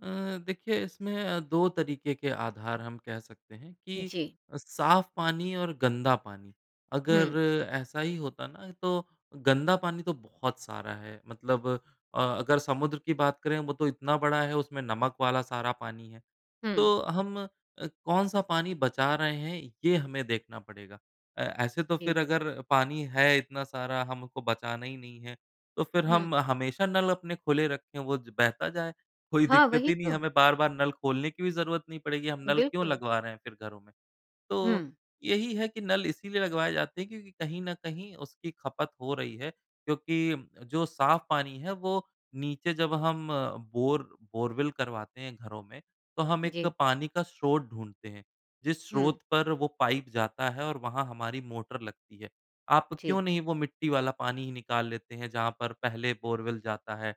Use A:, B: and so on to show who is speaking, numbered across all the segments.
A: अ, देखिए इसमें अ, 2 तरीक़े के आधार हम कह सकते हैं कि
B: जी।
A: साफ़ पानी और गंदा पानी
B: हुँ।
A: अगर ऐसा ही होता ना तो गंदा पानी तो बहुत सारा है। मतलब अ, अगर समुद्र की बात करें वो तो इतना बड़ा है उसमें नमक वाला सारा पानी है।
B: हुँ।
A: तो हम अ, कौन-सा पानी बचा रहे हैं ये हमें देखना पड़ेगा। अ, ऐसे तो फ़िर
B: जी।
A: अगर पानी है इतना सारा हमको बचाना ही नहीं है। तो फ़िर
B: हुँ।
A: हम हमेशा नल अपने खुले रखें वो बहता जाए। कोई
B: हाँ,
A: दिक़्क़त
B: वही
A: ही नहीं है।
B: तो।
A: हमें बार-बार नल खोलने की भी जरूरत नहीं पड़ेगी, हम नल क्यों
B: बिल्कुल।
A: लगवा रहे हैं फ़िर घरों में। तो
B: हुँ।
A: यही है कि नल इसीलिए लगवाए जाते हैं क्योंकि कहीं न कहीं उसकी ख़पत हो रही है क्योंकि जो साफ़ पानी है वो नीचे जब हम बोर बोरवेल करवाते हैं घरों में, तो हम एक
B: जी।
A: पानी का स्रोत ढूँढ़ते हैं। जिस
B: हुँ।
A: स्रोत पर वो पाइप जाता है और वहाँ हमारी मोटर लगती है। आप
B: जी।
A: क्यों नहीं वो मिट्टी वाला पानी निकाल लेते हैं जहाँ पर पहले बोरवेल जाता है।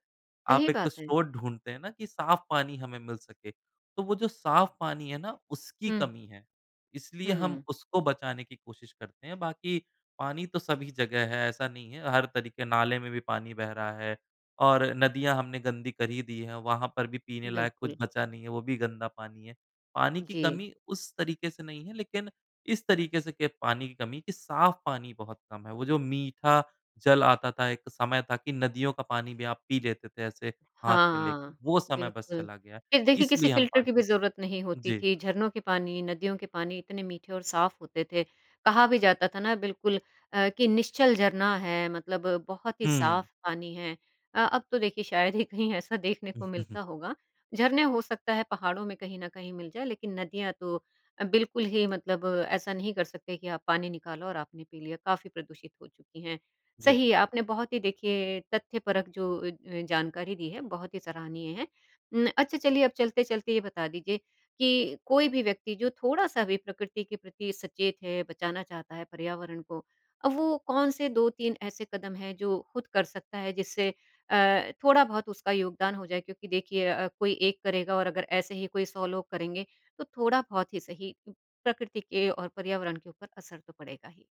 A: आप
B: सही
A: 1-2
B: बात है।
A: स्रोत ढूँढ़ते हैं ना कि साफ़ पानी हमें मिल सके। तो वो जो साफ़ पानी है ना उसकी
B: हुँ।
A: कमी है। इसलिए हम
B: हुँ।
A: उसको बचाने की कोशिश करते हैं। बाकी पानी तो सभी जगह है ऐसा नहीं है हर तरीक़े नाले में भी पानी बह रहा है और नदियाँ हमने गंदी कर ही दी हैं। वहाँ पर भी पीने लायक कुछ
B: बिल्कुल।
A: बचा नहीं है वो भी गंदा पानी है। पानी की
B: जी।
A: कमी उस तरीक़े से नहीं है लेक़िन इस तरीके से पानी की कमी की साफ़ पानी बहुत कम है। वो जो मीठा जल आता था एक समय था कि नदियों का पानी भी आप पी लेते थे। ऐसे हाथ
B: हाँ,
A: में लेके
B: हाँ,
A: वो समय बस
B: बिल्कुल।
A: चला गया
B: ख़ैर देखिए किसी
A: इसलिए हम
B: फ़िल्टर
A: पानी
B: की भी
A: बचाते
B: ज़रूरत नहीं
A: हैं।
B: होती
A: जी।
B: थी, झरनों के पानी नदियों के पानी इतने मीठे और साफ़ होते थे। कहा भी जाता था ना बिल्कुल अ, कि निश्चल झरना है मतलब बहुत ही साफ़
A: हुँ।
B: पानी है अ, अब तो देखिए शायद ही कहीं ऐसा देखने
A: उ,
B: को
A: हुँ, हुँ।
B: मिलता होगा। झरने हो सकता है पहाड़ों में कहीं न कहीं मिल जाएँ लेकिन नदियाँ तो अ, बिल्कुल ही मतलब ऐसा नहीं कर सकते कि आप पानी निकालो और आपने पी लिया काफ़ी प्रदूषित हो चुकी हैं।
A: जी।
B: सही आपने बहुत ही देखिए तथ्यपरक जो अ अ, जानकारी दी है बहुत ही सराहनीय है। उम् अच्छा चलिए अब चलते-चलते ये बता दीजिए कि कोई भी व्यक्ति जो थोड़ा-सा भी प्रकृति के प्रति सचेत है बचाना चाहता है पर्यावरण को। अब वो कौन-से 2-3 ऐसे कदम हैं जो ख़ुद कर सकता है जिससे अ, थोड़ा-बहुत उसका योगदान हो जाए। क्योंकि देखिए अ, कोई एक करेगा और अगर ऐसे ही कोई सौ लोग करेंगे तो थोड़ा-बहुत ही सही प्रकृति के और पर्यावरण के ऊपर असर तो पड़ेगा ही।